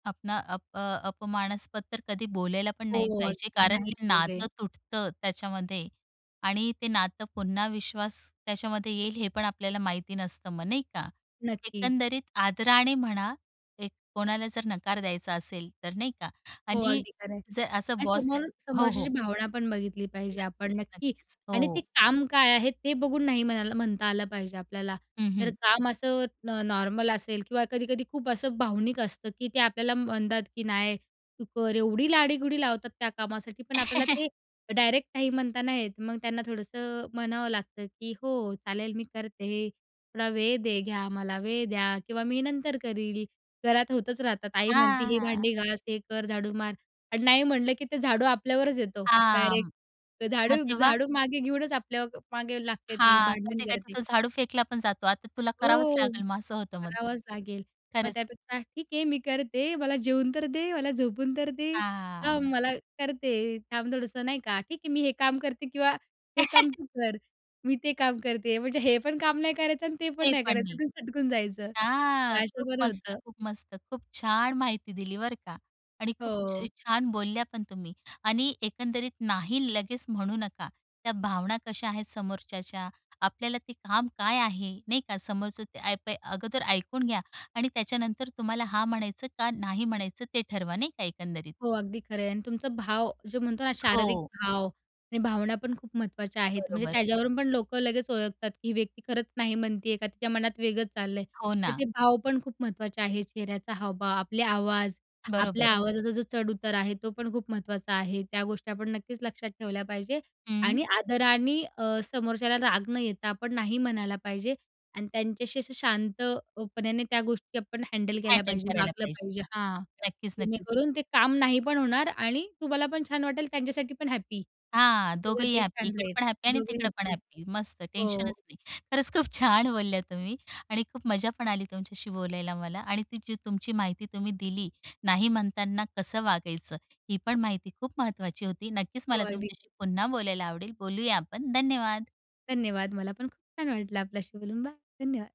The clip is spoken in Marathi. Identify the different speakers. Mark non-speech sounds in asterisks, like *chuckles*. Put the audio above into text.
Speaker 1: आपणा अप अ, अपमानस्पद तर कधी बोलायला पण
Speaker 2: हो
Speaker 1: नाही पाहिजे.
Speaker 2: अगदी.
Speaker 1: कारण
Speaker 2: नाही
Speaker 1: ते
Speaker 2: पाहिजे.
Speaker 1: नातं तुटतं, त्याच्यामध्ये. आणि ते नातं पुन्हा विश्वास त्याच्यामध्ये येईल हे पण आपल्याला माहिती नसतं मग नाही का?
Speaker 2: नक्कीच.
Speaker 1: एकंदरीत आदराने म्हणा, एक कोणाला जर नकार द्यायचा असेल तर नाही का?
Speaker 2: हो
Speaker 1: आणि
Speaker 2: अगदी खरं आहे.
Speaker 1: जर असं
Speaker 2: आणि
Speaker 1: बॉसला
Speaker 2: समोर
Speaker 1: हो. हो.
Speaker 2: समोरच्याची भावना पण बघितली पाहिजे आपण
Speaker 1: नक्कीच,
Speaker 2: नक्की,
Speaker 1: नक्कीच.
Speaker 2: आणि ती
Speaker 1: हो.
Speaker 2: काम काय आहे ते बघून नाही म्हणायला म्हणता आलं पाहिजे आपल्याला.
Speaker 1: हं,
Speaker 2: तर
Speaker 1: हं.
Speaker 2: काम असं न- नॉर्मल असेल किंवा कधी-कधी खूप असं भावनिक असतं की ते आपल्याला म्हणतात, की "नाही तू कर." एवढी लाडीगोडी लावतात त्या कामासाठी. पण आपल्याला
Speaker 1: *chuckles*
Speaker 2: ते डायरेक्ट नाही म्हणता नाही येत. मग त्यांना थोडंसं म्हणावं लागतं, की "हो चालेल मी करते हे, थोडा वेळ दे घ्या, मला वेळ द्या किंवा मी नंतर करील," घरात होतच राहतात, आई म्हणती "हे
Speaker 1: हां.
Speaker 2: भांडी घास, हे कर, झाडू मार" आणि नाही म्हणलं की ते झाडू आपल्यावरच येतो,
Speaker 1: हां,
Speaker 2: डायरेक्ट. तर
Speaker 1: मग
Speaker 2: झाडू
Speaker 1: तेव्हा?
Speaker 2: झाडू मागे घेऊनच आपल्या मागे लागते ती
Speaker 1: हां,
Speaker 2: भांडण
Speaker 1: कधी-कधी
Speaker 2: करते.
Speaker 1: तो झाडू फेकला पण जातो. "आता तुला करावंच
Speaker 2: हो,
Speaker 1: लागेल मग?" असं होतं मग.
Speaker 2: करावाच लागेल. मग
Speaker 1: खरंच.
Speaker 2: त्यापेक्षा, "ठीक आहे मी करते. मला जेवून तर दे. मला झोपून तर दे. थांब,
Speaker 1: हां.
Speaker 2: मला करते," थांब थोडस नाही का? ठीक आहे, मी हे काम करते किंवा हे काम
Speaker 1: *chuckles*
Speaker 2: तू कर, मी ते काम करते." म्हणजे हे पण काम नाही करायचं आणि ते पण
Speaker 1: ते
Speaker 2: नाही
Speaker 1: पण
Speaker 2: करायचं.
Speaker 1: नाही.
Speaker 2: तिथून सटकून जायचं.
Speaker 1: हां,
Speaker 2: तर असं
Speaker 1: खूप
Speaker 2: बरं
Speaker 1: मस्त,
Speaker 2: होतं
Speaker 1: खूप मस्तं. खूप छान माहिती दिली बरं का आणि खूपच
Speaker 2: हो.
Speaker 1: छान बोलल्या पण तुम्ही आणि एकंदरीत नाही लगेच म्हणू नका. त्या भावना कशा आहेत समोरच्याच्या, आपल्याला ते काम काय आहे नाही का. समोरच्याचं काय ते अगोदर ऐकून घ्या आणि त्याच्यानंतर तुम्हाला हां म्हणायचं का नाही म्हणायचं ते ठरवा. नाही का एकंदरीत?
Speaker 2: हो अगदी खरं आहे. आणि तुमचा भाव जो म्हणतो ना शारीरिक
Speaker 1: हो.
Speaker 2: भाव आणि भावना पण खूप महत्त्वाच्या आहेत. म्हणजे
Speaker 1: बरोबर.
Speaker 2: त्याच्यावरून पण लोकं लगेच ओळखतात, की ही व्यक्ती खरंच नाही म्हणते आहे का तिच्या मनात वेगळंच चाललं आहे?
Speaker 1: हो
Speaker 2: तर
Speaker 1: ना.
Speaker 2: ते भाव पण खूप महत्त्वाचे आहेत. चेहऱ्याचा हावभाव, आपले आवाज,
Speaker 1: बरोबर.
Speaker 2: आपल्या आवाजाचा जो चढउतार आहे तो पण खूप महत्त्वाचा आहे. त्या गोष्टी आपण नक्कीच लक्षात ठेवल्या पाहिजे
Speaker 1: हं.
Speaker 2: आणि आदरांनी अ, समोरच्याला राग न येता आपण नाही म्हणायला पाहिजे आणि त्यांच्याशी असं अ, शांतपणाने त्या गोष्टी आपण हँडल केल्या
Speaker 1: हँडल
Speaker 2: पाहिजे.
Speaker 1: करायला
Speaker 2: वागलं
Speaker 1: पाहिजे.
Speaker 2: पाहिजे हां.
Speaker 1: नक्कीच-नक्कीच.
Speaker 2: जेणेकरून ते काम नाही पण होणार आणि तुम्हाला पण छान वाटेल. त्यांच्यासाठी पण हॅप्पी.
Speaker 1: हां
Speaker 2: सगळं
Speaker 1: दोघंही
Speaker 2: ते
Speaker 1: हॅप्पी.
Speaker 2: छान
Speaker 1: इकडे
Speaker 2: राहील
Speaker 1: पण हॅप्पी आणि
Speaker 2: दोघंही
Speaker 1: तिकडं पण
Speaker 2: हॅप्पी.
Speaker 1: हॅप्पी. मस्तं
Speaker 2: हो.
Speaker 1: टेन्शनच नाही. खरंच खूप छान बोलल्या तुम्ही आणि खूप मजा पण आली तुमच्याशी बोलायला मला. आणि ती जी तुमची माहिती तुम्ही दिली, नाही म्हणताना कसं वागायचं" ही पण माहिती खूप महत्त्वाची होती. नक्कीच
Speaker 2: हो,
Speaker 1: मला
Speaker 2: अगदी.
Speaker 1: तुमच्याशी पुन्हा बोलायला आवडेल. बोलूया आपण. धन्यवाद.
Speaker 2: धन्यवाद. मला पण खूप छान वाटलं आपल्याशी बोलून. बाय. धन्यवाद.